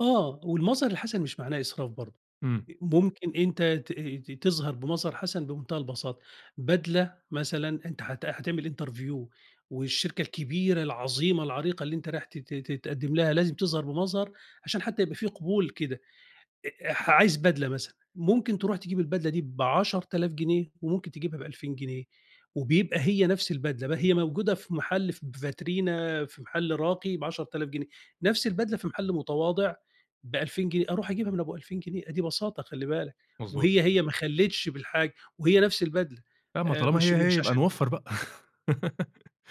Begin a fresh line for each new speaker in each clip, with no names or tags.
آه، والمظهر الحسن مش معناه إسراف برضه،
إمم.
أ ممكن أنت تأه ت تظهر بمظهر حسن بمنتهى البساطة، بدلة مثلًا أنت حت حتعمل interview والشركة الكبيرة، العظيمة، العريقة، اللي أنت رايح ت ت ت تقدِّم لها لازم تظهر بمظهر عشان حتى يبقى في قبول كده، أ أح عايز بدلة مثلًا، ممكن تروح تجيب البدلة دي ب10.000 جنيه وممكن تجيبها ب2000 جنيه وبيبقى هي نفس البدلة، ب هي موجودة في محل في ب فاترينا في محل راقي ب10.000 جنيه نفس البدلة في محل متواضع ب2000 جنيه، أروح اجيبها من أبو 2000 جنيه أ دي بساطة خلِّ بالك،
مضبوط.
وهي، هي ما أخلّيتش بالحاجة وهي نفس البدلة
لأ ما
آآ،
طالما
مش
هي، هي
مش
يبقى
عشان
نوفّر بقى،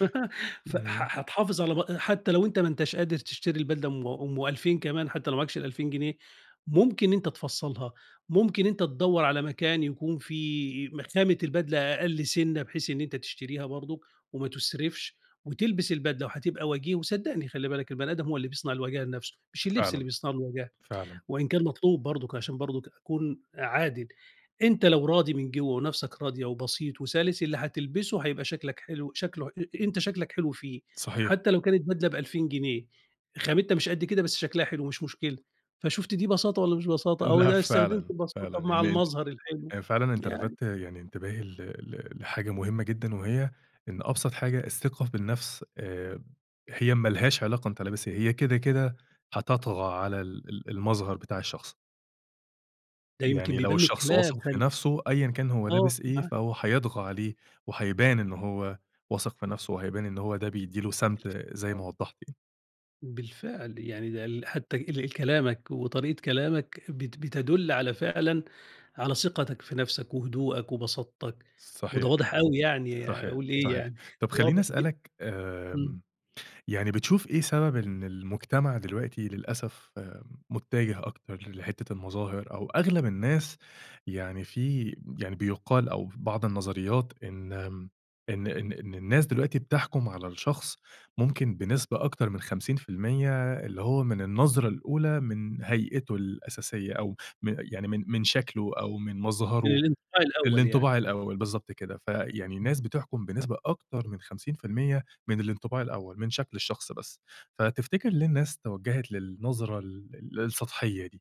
ف ح
إمم.
حتحافظ على بأ حتى لو أنت ما أنتاش قادر تشتري البدلة أم أم 2000 كمان حتى لو ما معاكش ال2000 جنيه، ممكن أنت تفصّلها، ممكن أنت تدوّر على مكان يكون في ما خامة البدلة أقل سِنَّة بحيث إن أنت تشتريها برضه، وما تُسرفش، وتلبس البدلة وحتبقى وجيه، وصدقني خلِّ بالك البَني آدم هو اللي بيصنع الوجاهة لنفسُه، مش الِلبس اللي
فعلًا،
بيصنع لُه الوجاهة،
فعلًا.
وإن كان مطلوب برضُك عشان برضُك أكون أ عادل أنت لو راضي من جوّه ونفسك راضيه وبسيط وسَلِس، اللي هتلبسه هيبقى شكلك حلو شكله ح أ أنت شكلك حلو فيه،
صحيح.
حتى لو كانت بدلة ب2000 جنيه خامتها مش قد كده، بس شكلها حلو مش مشكلة، فشُفت دي بساطة والَّا مش بساطة أو إن
لأ
أنا استخدمت
فعلًا، فعلًا
البساطة مع
يعني أنت
المظهر الحلو،
أ فعلًا أنت
يعني.
لفتّ يعني انتباهي ل ل لحاجة مهمة جدًا، وهي إن أبسط حاجة الثقة في النفس، آآ، هي ما لهاش علاقة أنت لابس إيه، هي كده، كده هتطغى على ال ال المظهر بتاع الشخص.
ده يمكن
يعني لو
بيبان من
الشخص
الكلام،
واثق في
[unintelligible]
نفسه أيًّا كان هو
آه
لابس إيه،
مع
فهو حيطغى عليه وiيبان إن هو واثق في نفسُه، وهيبان إن هو ده بيدّي له سَمْت زي ما
[unintelligible]
وضّحت يعني.
بالفعل، يعني ده ال حتى ال الكلامك وطريقة كلامك، بت بتدل على فعلًا على ثقتك في نفسك، وهدوءك، وبساطتك، وده
صحيح،
واضح أوي يعني،
صحيح،
أقول إيه
صحيح،
يعني،
طَب خلّيني
واضح جدًا،
اسألك
إمم.
آمم، يعني بتشوف إيه سبب إن المجتمع دلوقتي للأسف آآ، متجه أكتر ل لحتة المظاهر، أو أغلب الناس يعني في م يعني بيُقال أو في بعض النظريات إن م إن إن إن الناس دلوقتي بتحكُم على الشخص ممكن بنسبة أكتر من 50% اللي هو من النظرة الأولى، من هيئِتُه الأساسية أو من يعني من من شكله أو من
من
مظهره
الانطباع الأول يعني.
الإنطباع الأول بالضبط كده، فيعني
إمم.
الناس بتحكُم بنسبة أكتر من 50% من الإنطباع الأول، من شكل الشخص بس، فتفتكر ليه الناس توجهت للنظرة ال ال السطحية دي؟